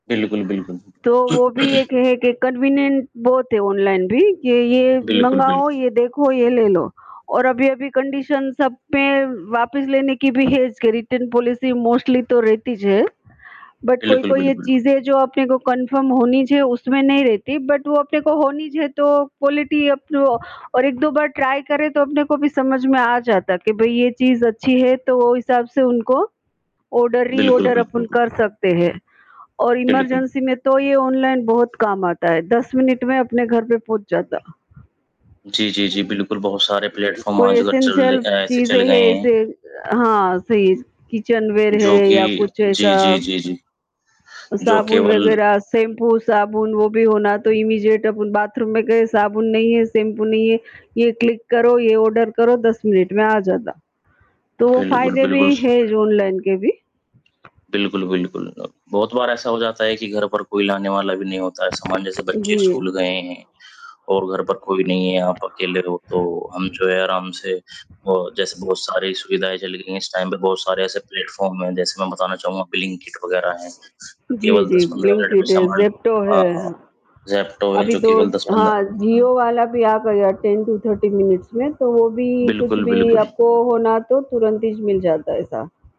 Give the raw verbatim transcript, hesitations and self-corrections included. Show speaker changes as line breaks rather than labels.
बिल्कुल, बिल्कुल।
तो वो भी एक है कि कन्वीनिएंट बहुत है ऑनलाइन भी कि ये
बिल्कुल,
मँगाओ,
बिल्कुल।
ये देखो, ये ले लो। और अभी-अभी कंडीशन्स सब में वापस लेने की भी है इसके रिटर्न पॉलिसी मोस्टली तो रहती ज है। बट
बिल्कुल,
कोई-कोई ये
बिल्कुल।
चीज़ें जो अपने को कन्फर्म होनी चाहिए उसमें नहीं रहती बट वो अपने को होनी चाहिए तो क्वालिटी अब तो और एक दो बार ट्राई करें तो अपने को भी समझ में आ जाता है कि भई ये चीज़ अच्छी है तो हिसाब से उनको ऑर्डर,
बिल्कुल,
री-ऑर्डर
बिल्कुल,
अपन
बिल
कर सकते हैं। और
बिल्कुल।
इमरजेंसी में तो ये ऑनलाइन बहुत काम आता है। दस मिनट में अपने घर पे पहुँच जाता।
जी, जी, जी। बिल्कुल, बहुत सारे प्लेटफ़ॉर्म
कोई
आजकल चल ले
एसेंशियल
अ, ऐसे चल
चीज़ें
गए
हैं
हैं।
इसे हाँ सही, किचनवेयर
जो
है या
कि
कुछ
जी,
ऐसा।
जी, जी, जी। जो
साबुन
केवल
वग़ैरह, शैम्पू, साबुन वो भी हो ना, तो इमीजिएट अपुन बाथरूम में गए साबुन नहीं है, शैम्पू नहीं है, ये क्लिक करो, ये ऑर्डर करो, दस मिनट में आ जाता। तो वो
बिल्कुल,
फ़ायदे भी
बिल्कुल। स
हैं ऑनलाइन के भी।
बिल्कुल, बिल्कुल। अब, बहुत बार ऐसा हो जाता है कि घर पर कोई लाने वाला भी नहीं होता है, सामान जैसे
जी।
बच्चे स्कूल गए हैं और घर पर कोई नहीं है आप अकेले रहो तो हम जो है आराम से अ, जैसे बहुत सारी सुविधाएँ चल गई हैं इस टाइम पे बहुत सारे ऐसे प्लेटफॉर्म हैं जैसे मैं बताना चाहूँगा ब्लिंकिट वग़ैरह हैं। तो
जी,
केवल दस
जी।
पंद्रह मिनट में
ब्लिंकिट,
सामान
ज़ेप्टो
हाँ,
है,
हाँ,
हाँ।
ज़ेप्टो हैं
अभी
जो
दो
केवल दस पंद्रह
हाँ, जियो वाला भी आ गया टेन टू थर्टी मिनट्स में तो वो भी कुछ
बिल्कुल,
भी
बिल्कुल।
आपको होना तो तुरंत ही मिल जाता है ऐसा।